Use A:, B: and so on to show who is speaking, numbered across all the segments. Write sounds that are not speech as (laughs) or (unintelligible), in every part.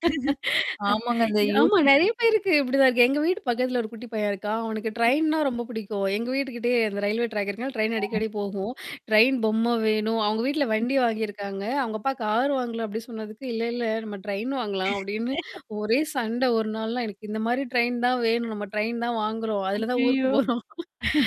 A: (laughs) ஆமாங்க அந்த
B: ஆமா
A: யூடீயூப்
B: நெறைய பேருக்கு இப்படிதான் இருக்கு. எங்க வீட்டு பக்கத்தில ஒரு குட்டி பையன் இருக்கா. அவனக்கு ட்ரெயின்னா ரொம்ப புடிக்கும். எங்க வீட்டுகிட்டயே அந்த ரயில்வே ட்ராக் இருக்கர்ன்னால ட்ரெயின் அடிக்கடி போகும். ட்ரெயின் பொம்ம வேணும். அவங்க வீட்ல வண்டி வாங்கியிருக்காங்க. அவுங்க அப்பா கார் வாங்கலாம் அப்டின் சொன்னதுக்கு, இல்லல்ல நம்ம ட்ரெயின் வாங்கலாம் அப்படின்னு
A: (laughs)
B: ஒரே சண்ட ஒரு நாள்லாம் எனக்கு இந்த மாரி ட்ரெயின் தான் வேணும், நம்ம ட்ரெயின் தான் வாங்குறோம். அதுல தான் ஊருக்கு
A: ஐய்யய்யோ!
B: போறோம்.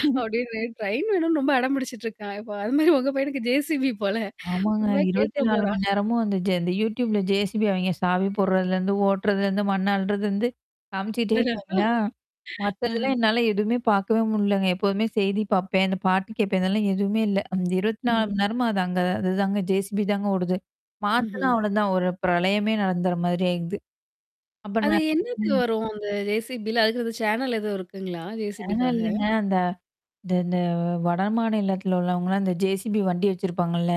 A: (laughs)
B: அப்படின்னு ட்ரெயின் வேணும்னு ரொம்ப அடம் பிடிச்சுட்டுருக்கான். இப்ப அது மாரி உங்க பையனுக்கு ஜேசிபி போல.
A: ஆமாங்க.
B: உண்மையா
A: இருபத்தி
B: கேட்டுற
A: நாலு
B: போறா.
A: மணி நேரமும் அந்த ஜ இந்த யூடியூப்ல ஜேசிபி அவைங்க சாவி போடுறதுலேருந்து ஓட்டுறதுலேருந்து மண் அள்றதுருந்து, காமிச்சுட்டே இருப்பாங்களா?
B: (chuckles) அஹ.
A: மத்ததெல்லாம் என்னால எதுவுமே பாக்கவே முடியலங்க. எப்போதுமே செய்தி பாப்பேன்.அந்த பாட்டு கேட்பேன். இதெல்லாம் எதுவுமே இல்ல. அந்த 24
B: மஹ்ம்.
A: மணி நேரமா அது அங்கதான் அதுதாங்க ஜேசிபி தாங்க ஓடுது. மாத்தனா
B: ம்ஹ்ம்.
A: அவ்ளோதான். ஒரு பிரளயமே நடந்துற மாதிரிய ஆயிடுது. அப்ப ந
B: அது என்னது
A: ம்.
B: வரும் அந்த ஜேசிபில அதுக்குன்னு அந்த சேனல் எதுவும் இருக்குங்களா?
A: அதுலான்
B: ஜேசிபிக்காக?
A: இல்லங்க அந்த இந்த இந்த வடமாநிலத்தில உள்ளவங்கலா, இந்த ஜேசிபி வண்டி வச்சிருப்பாங்கல்ல.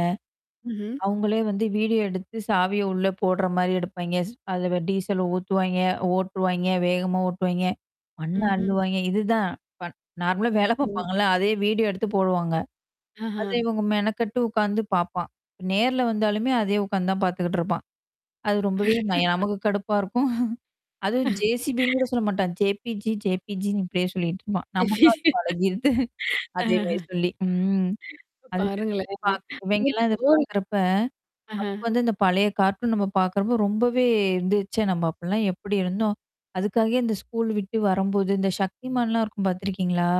B: ம்ஹ்ம்.
A: அவங்களே வந்து வீடியோ எடுத்து சாவிய உள்ள போடுற மாரி எடுப்பா்ங்க.ஸ் அதில டீசல் ஊத்துவாய்ங்க, ஓட்டுருவாய்ங்க, வேகமா ஓட்டுவாயங்க. மண்ண
B: ம்ஹ்ம்.
A: அள்ளுவாய்ங்க. இதுதான். ப நார்மலா வேல
B: ம்.
A: பாப்பாங்கல்ல. அதயே வீடியோ எடுத்து போடுவாங்க. அத
B: அஹா.
A: இவங்க மெனக்கட்டு உட்கார்ந்து பாப்பான். நேர்ல வந்தாலுமே அதே உட்கார்ந்து தான் பார்த்துக்கிட்டுருப்பான். அது ரொம்பவே நய
B: (laughs)
A: நமக்கு கடுப்பா இருக்கும். (chuckles) அதுவும் ஜேசிபின்னு கூட
B: (chuckles)
A: சொல்ல மாட்டான். ஜேபிஜி, ஜேபிஜின்னு இப்படியியே சொல்லிட்டுருப்பான். நமக்கும் அது பழகிடுது. (chuckles)
B: (laughs) அஹ.
A: அதேமாரி சொல்லி. ம். அதுதா
B: பாருங்களே
A: பாக் இவைங்கலாம் இத
B: (unintelligible)
A: பாக்கறப்ப. நமக்கு
B: ஆஹன்.
A: வந்து இந்த பழைய காார்டும் நம்ம பாக்கறப்போ ரொம்பவே இருந்துச்சே நம்ம அப்பலாம் எப்படி இருந்தோம். அதுக்காகே இந்த ஸ்கூல் விட்டு வரும்போது, இந்த சக்திமான்லாம் இருக்கும் பார்த்துருக்கீங்களா?